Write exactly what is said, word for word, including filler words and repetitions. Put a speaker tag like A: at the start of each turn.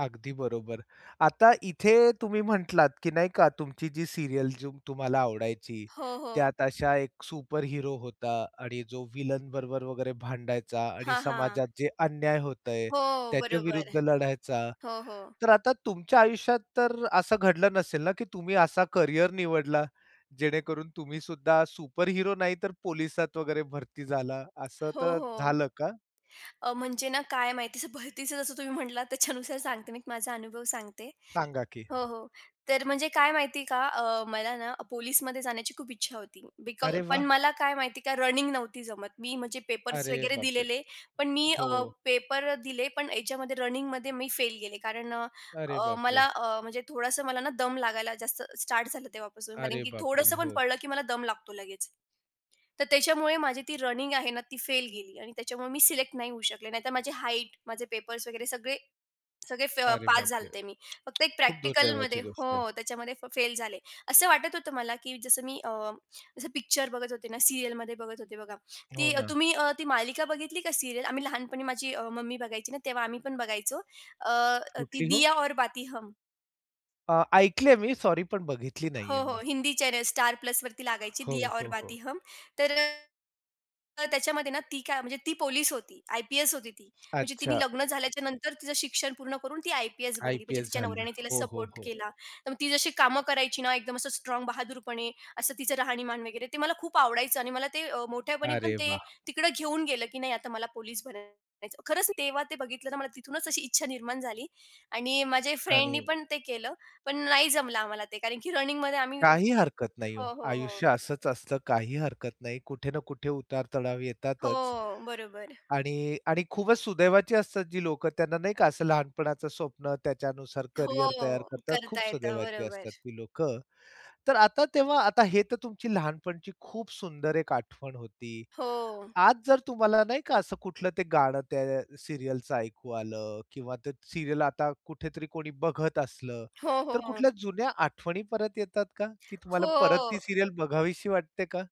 A: अगदी बरोबर. आता इथे तुम्ही म्हंटलात, की नाही का तुमची जी सीरियल जुम तुम्हाला आवडायची.
B: हो, हो.
A: त्यात अशा एक सुपर हीरो होता आणि जो विलनबरोबर वगैरे भांडायचा आणि
B: हां, हां,
A: समाजात जे अन्याय होतंय
B: हो.
A: त्याच्या
B: बरोबर.
A: विरुद्ध लढायचा.
B: हो, हो.
A: तर आता तुमच्या आयुष्यात तर असं घडलं नसेल ना, की तुम्ही असा करियर निवडला जेणेकरून तुम्हीसुद्धा सुपर हीरो नाही, तर पोलिसात वगैरे भरती झाला असं
B: हो,
A: तर
B: हो.
A: झालं का?
B: अ, म्हणजे ना काय माहिती भरतीचं जसं तुम्ही म्हटलात त्याच्यानुसार सांगते मी माझा अनुभव सांगते
A: सांगा की.
B: हो, हो, तर म्हणजे काय माहिती आहे का अ, मला ना पोलिसमध्ये जाण्याची खूप इच्छा होती. बिकॉज
A: अरे
B: पण
A: वाह!
B: मला काय माहिती आहे का रनिंग नव्हती जमत. मी म्हणजे पेपर्स
A: अरे
B: वगैरे
A: बापरे!
B: दिलेले. पण मी अ,
A: हो.
B: पेपर दिले पण ह्याच्यामध्ये रनिंगमध्ये मी फेल गेले कारण अ,
A: अरे
B: अ,
A: बापरे!
B: मला अ, म्हणजे थोडसं मला ना दम लागायला जास्त स्टार्ट झालं तेव्हापासून कारण
A: अरे
B: की
A: बापरे!
B: थोडसं पण
A: हो.
B: पळालं की मला दम लागतो लगेच, तर त्याच्यामुळे माझी ती रनिंग आहे ना ती फेल गेली आणि त्याच्यामुळे मी सिलेक्ट नाही होऊ शकले, नाहीतर माझी हाईट, माझे पेपर्स वगैरे सगळे सगळे फ
A: अरे
B: पास झाले
A: बापरे!
B: होते मी, फक्त एक
A: खूप
B: प्रॅक्टिकलमध्ये
A: दुर्दैवाची गोष्ट आहे.
B: हो, त्याच्यामध्ये फ फेल झाले. असं वाटत होतं मला, की जसं मी अ, जसं पिक्चर बघत होते ना, सीरियलमध्ये बघत होते बघा,
A: हो
B: ती अ,
A: ना.
B: तुम्ही अ, ती मालिका बघितली का सीरियल? आम्ही लहानपणी माझी अ, मम्मी बघायची ना तेव्हा आम्ही पण बघायचो, अ, अ, ती
A: कुठली हो?
B: "दिया और बाती हम."
A: अ, ऐकले आहे मी. सॉरी पण बघितली
B: हो,
A: नाहीये
B: हो,
A: मी.
B: हिंदी चॅनेल "स्टार प्लसवरती" लागायची
A: हो,
B: "दिया और
A: हो,
B: बाती
A: हो.
B: हम" तर अ तर त्याच्यामध्ये ना ती काय म्हणजे ती पोलीस होती, आयपीएस होती ती. म्हणजे तिने
A: अच्छा.
B: लग्न झाल्याच्या नंतर तिचं शिक्षण पूर्ण करून ती आयपीएस बनली, म्हणजे
A: आयपीएस
B: तिच्या
A: झालं.
B: नवऱ्याने तिला
A: हो, हो,
B: सपोर्ट
A: हो.
B: केला. तर मग ती जशी कामं करायची ना एकदम असं स्ट्राँग बहादुरपणे असं तिचं राहणीमान वगैरे, ते मला खूप आवडायचं आणि मला ते अ, मोठ्यापणी पण
A: अरे
B: ते
A: वाह!
B: तिकडं घेऊन गेलं, की नाही आता मला पोलीस बनयाचं. खरंच, तेव्हा ते बघितलं तर मला तिथूनच अशी इच्छा निर्माण झाली आणि माझ्या फ्रेंडनी
A: आणि
B: पण ते केलं, पण नाही जमलं आम्हाला ते कारण की रनिंगमध्ये आम्ही
A: काही
B: हो,
A: हरकत नाही हो.
B: हो, हो.
A: आयुष्य असंच असतं, काही हरकत नाही. कुठे ना कुठे उतार चढाव येतातच.
B: हो, बरोबर.
A: आणि आणि खूपच सुदैवाची असतात जी लोकं त्यांना नाही का असं लहानपणाचं स्वप्न त्याच्यानुसार करियर तयार
B: हो,
A: करतात, खूप
B: करता येतं.
A: सुदैवाची
B: बरोबर.
A: असतात ती लोकं. तर आता तेव्हा आता हे तर तुमची लहानपणची खूप सुंदर एक आठवण होती.
B: हो.
A: आज जर तुम्हाला नाही का असं कुठलं ते गाणं त्या सीरियलच ऐकू आलं किंवा ते सीरियल आता कुठेतरी कोणी बघत असलं,
B: हो, हो,
A: तर
B: हो.
A: कुठल्या जुन्या आठवणी परत येतात का, की तुम्हाला
B: हो.
A: परत ती सीरियल बघावीशी वाटते का?